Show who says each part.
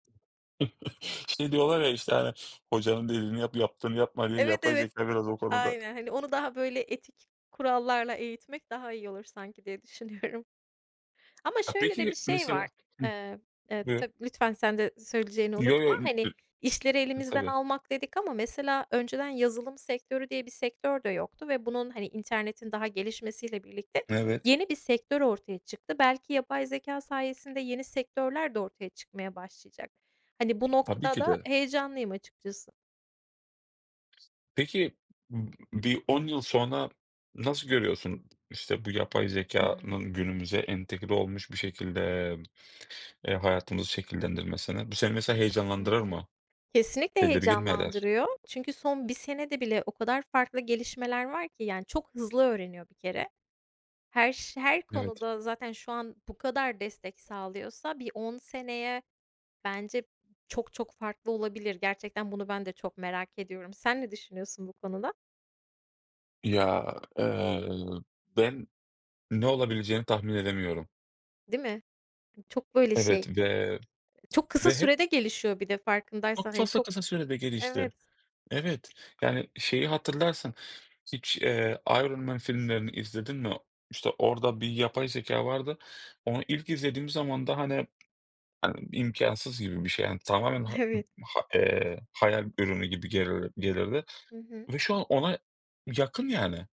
Speaker 1: İşte diyorlar ya, işte, hani, "Hocanın dediğini yap, yaptığını yapma." diye
Speaker 2: Evet,
Speaker 1: yapay
Speaker 2: evet.
Speaker 1: zekâ biraz o konuda.
Speaker 2: Aynen. Hani onu daha böyle etik kurallarla eğitmek daha iyi olur sanki diye düşünüyorum. Ama
Speaker 1: A,
Speaker 2: şöyle de bir
Speaker 1: peki
Speaker 2: şey var,
Speaker 1: mesela Hıh,
Speaker 2: eee, eee,
Speaker 1: buyur.
Speaker 2: tabii, lütfen sen de söyleyeceğini
Speaker 1: Yo,
Speaker 2: unutma,
Speaker 1: yo lü
Speaker 2: hani
Speaker 1: ü
Speaker 2: işleri
Speaker 1: I
Speaker 2: elimizden
Speaker 1: tabii.
Speaker 2: almak dedik ama mesela önceden yazılım sektörü diye bir sektör de yoktu ve bunun, hani internetin daha gelişmesiyle birlikte
Speaker 1: Evet.
Speaker 2: yeni bir sektör ortaya çıktı. Belki yapay zekâ sayesinde yeni sektörler de ortaya çıkmaya başlayacak. Hani bu
Speaker 1: Tabii
Speaker 2: noktada
Speaker 1: ki
Speaker 2: da
Speaker 1: de.
Speaker 2: heyecanlıyım açıkçası.
Speaker 1: Peki, ımm, bir 10 yıl sonra nasıl görüyorsun? İşte, bu yapay
Speaker 2: Hımm.
Speaker 1: zekânın günümüze entegre olmuş bir şekilde, eee, hayatımızı şekillendirmesini. Bu seni, mesela,
Speaker 2: Hı
Speaker 1: heyecanlandırır
Speaker 2: hı.
Speaker 1: mı?
Speaker 2: Kesinlikle
Speaker 1: Tedirgin mi eder?
Speaker 2: heyecanlandırıyor. Çünkü son 1 senede bile o kadar farklı gelişmeler var ki yani çok hızlı öğreniyor bir kere. Her ş her
Speaker 1: Evet.
Speaker 2: konuda zaten şu an bu kadar destek sağlıyorsa bir 10 seneye bence çok çok farklı olabilir. Gerçekten bunu ben de çok merak ediyorum. Sen ne düşünüyorsun bu konuda?
Speaker 1: Ya, eee, ben ne olabileceğini tahmin edemiyorum.
Speaker 2: Değil mi? M çok böyle şey,
Speaker 1: Evet ve,
Speaker 2: e çok kısa
Speaker 1: ve hep.
Speaker 2: sürede gelişiyor bir de
Speaker 1: Çok,
Speaker 2: farkındaysan,
Speaker 1: çok
Speaker 2: hani
Speaker 1: fazla
Speaker 2: çok
Speaker 1: kısa sürede gelişti.
Speaker 2: Evet.
Speaker 1: Evet. Yani, şeyi hatırlarsın, hiç, eee, Iron Man filmlerini izledin mi? İşte, orada bir
Speaker 2: Hı
Speaker 1: yapay
Speaker 2: hı.
Speaker 1: zekâ vardı. Onu ilk izlediğim zaman da hani hani, imkânsız gibi bir şey. Hani, tamamen ha ı
Speaker 2: Evet.
Speaker 1: ha eee, hayal ürünü gibi gelir gelirdi
Speaker 2: Hı hı.
Speaker 1: ve şu an ona yakın, yani.